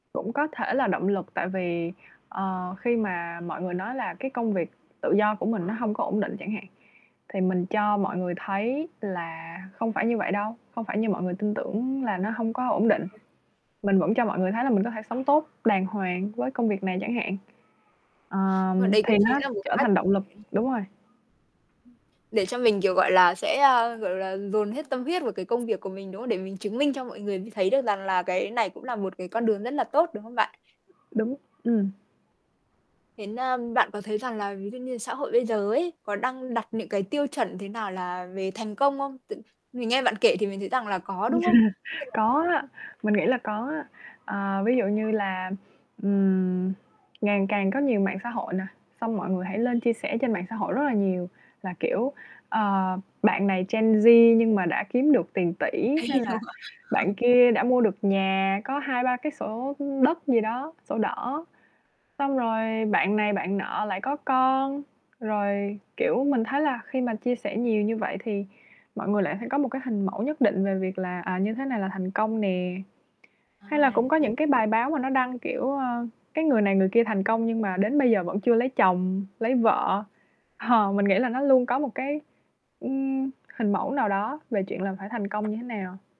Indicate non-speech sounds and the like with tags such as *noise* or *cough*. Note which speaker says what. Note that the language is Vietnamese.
Speaker 1: Cũng có thể là động lực, tại vì, ờ, khi mà mọi người nói là cái công việc tự do của mình nó hông có ổn định chẳng hạn, thì mình cho mọi người thấy là không phải như vậy đâu, không phải như mọi người tin tưởng là nó hông có ổn định.
Speaker 2: *unintelligible*
Speaker 1: Mình vẫn cho mọi người thấy là mình có thể sống tốt, đàng hoàng với công việc này chẳng hạn.
Speaker 2: Mà
Speaker 1: Ờm,
Speaker 2: đấy cũng
Speaker 1: thì
Speaker 2: chính
Speaker 1: nó
Speaker 2: là một
Speaker 1: trở
Speaker 2: cách.
Speaker 1: thành động lực, đúng rồi.
Speaker 2: Để cho mình, kiểu, gọi là, sẽ, a, gọi là, dồn hết tâm huyết vào cái công việc của mình, đúng không? Để mình chứng minh cho mọi người như thấy được rằng là cái này cũng là một cái con đường rất là tốt, đúng không bạn?
Speaker 1: Đúng, ừm.
Speaker 2: Đến, a bạn có thấy rằng là ví dụ như xã hội bây giờ ấy có đang đặt những cái tiêu chuẩn thế nào là về thành công không? T mình nghe bạn kể thì mình thấy rằng là có, đúng không? Nên
Speaker 1: *chuckles*
Speaker 2: là
Speaker 1: Có á,
Speaker 2: *unintelligible*
Speaker 1: mình nghĩ là có á. Ờ, ví dụ như là, ừm, ngàn càng có nhiều mạng xã hội nà, xong mọi người hãy lên chia sẻ trên mạng xã hội rất là nhiều, là kiểu, ờ, bạn này Gen Z nhưng mà đã kiếm được tiền tỷ,
Speaker 2: Đấy
Speaker 1: hay
Speaker 2: thì đâu
Speaker 1: là
Speaker 2: gọi
Speaker 1: bạn
Speaker 2: *chuckles*
Speaker 1: kia đã mua được nhà có 2-3 cái sổ, ưm, đất gì đó sổ đỏ, xong rồi bạn này bạn nọ lại có con. Rồi, kiểu, mình thấy là khi mà chia sẻ nhiều như vậy thì mọi người lại phải có một cái hình mẫu nhất định về việc là, à, như thế này là thành công nè.
Speaker 2: Ơ,
Speaker 1: Hay là
Speaker 2: à,
Speaker 1: cũng có
Speaker 2: nãy
Speaker 1: những cái bài báo mà nó đăng, kiểu, ơ, cái người này người kia thành công nhưng mà đến bây giờ vẫn chưa lấy chồng, lấy vợ, hờ mình nghĩ là nó luôn có một cái, ưm, hình mẫu nào đó về chuyện là phải thành công như thế nào.